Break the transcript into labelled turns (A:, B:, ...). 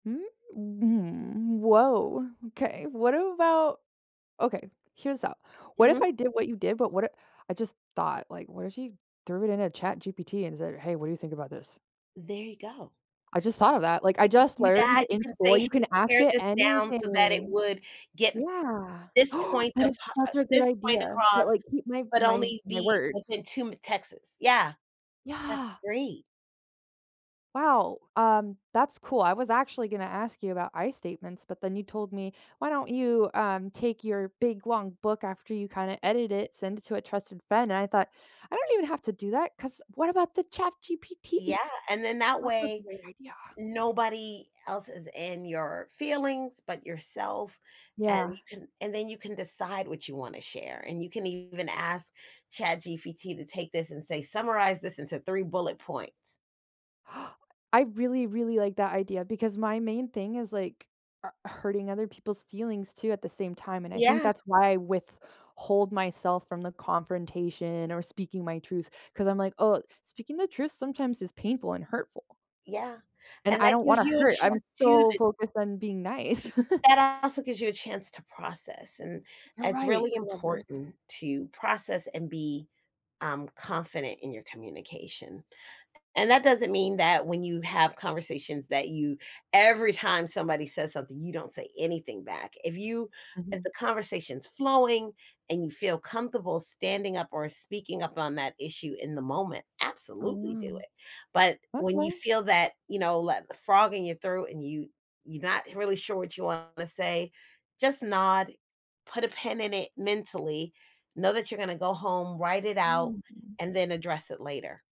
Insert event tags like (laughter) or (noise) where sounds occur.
A: Mm, mm, woah, 'kay, what about okay, here's up, what if
B: Mhm.
A: I did what you did, but what I I just thought, like, what if you threw it in a ChatGPT and said, "Hey, what do you think about this?"
B: There you go.
A: I just thought of that, like, I
B: You could
A: just
B: do
A: learned
B: that, you
A: in
B: can
A: school,
B: say,
A: you can
B: "Hey,
A: ask
B: pair
A: it
B: this down so that it
A: anything.
B: would get
A: Yeah, (gasps)
B: this point
A: that
B: of
A: is
B: pa
A: such a good
B: this point
A: idea, that,
B: across
A: like, keep my
B: but
A: my
B: only
A: my
B: be within
A: words.
B: 2 m Texas. Yeah. That's
A: Yeah.
B: great.
A: Wow, um, that's cool, I was actually gonna ask you about "I" statements, but then you told me, "Why don't you, um, take your big, long book after you, kinda
B: Ye
A: edit it, send it to a trusted friend," and I thought, "I don't I even have to do that 'cause what about the
B: Yeah,
A: ChatGPT?"
B: and then that
A: That's a
B: way
A: great idea.
B: nobody else is in your feelings, but yourself. And
A: Yeah.
B: you can and then you can decide what you wanna share and you can even ask ChatGPT to take this, and say, "Summarize this into 3 bullet points."
A: (gasps) I really, really like that idea because my main thing is, like, uh, hurting other people's feelings, too, at the same time, and I think
B: Yeah.
A: that's why I withhold myself from the confrontation or speaking my truth, 'cause I'm like, "Oh, speaking the truth sometimes is painful and hurtful."
B: Yeah,
A: And
B: and
A: I
B: that
A: don't
B: gives
A: wanna
B: you a
A: hurt I'm
B: chance too,
A: so
B: that
A: focused on being nice. (chuckles)
B: that also gives you a chance to process, and
A: You're
B: it's
A: right,
B: really
A: I love this.
B: important to process and be, um, confident in your communication. And, that doesn't mean that when you have conversations that you every time somebody says something, you don't say anything back, if you if
A: Mhm.
B: the conversation's flowing and you feel comfortable standing up or speaking up on that issue in the moment, absolutely
A: Oh.
B: do it, but when you
A: Okay.
B: feel that, you know, that frog in your throat, and you you not really sure what you want to say, just nod, put a pin in it, mentally, know that you're gonna go home, write it out,
A: Hmm.
B: and then address it later.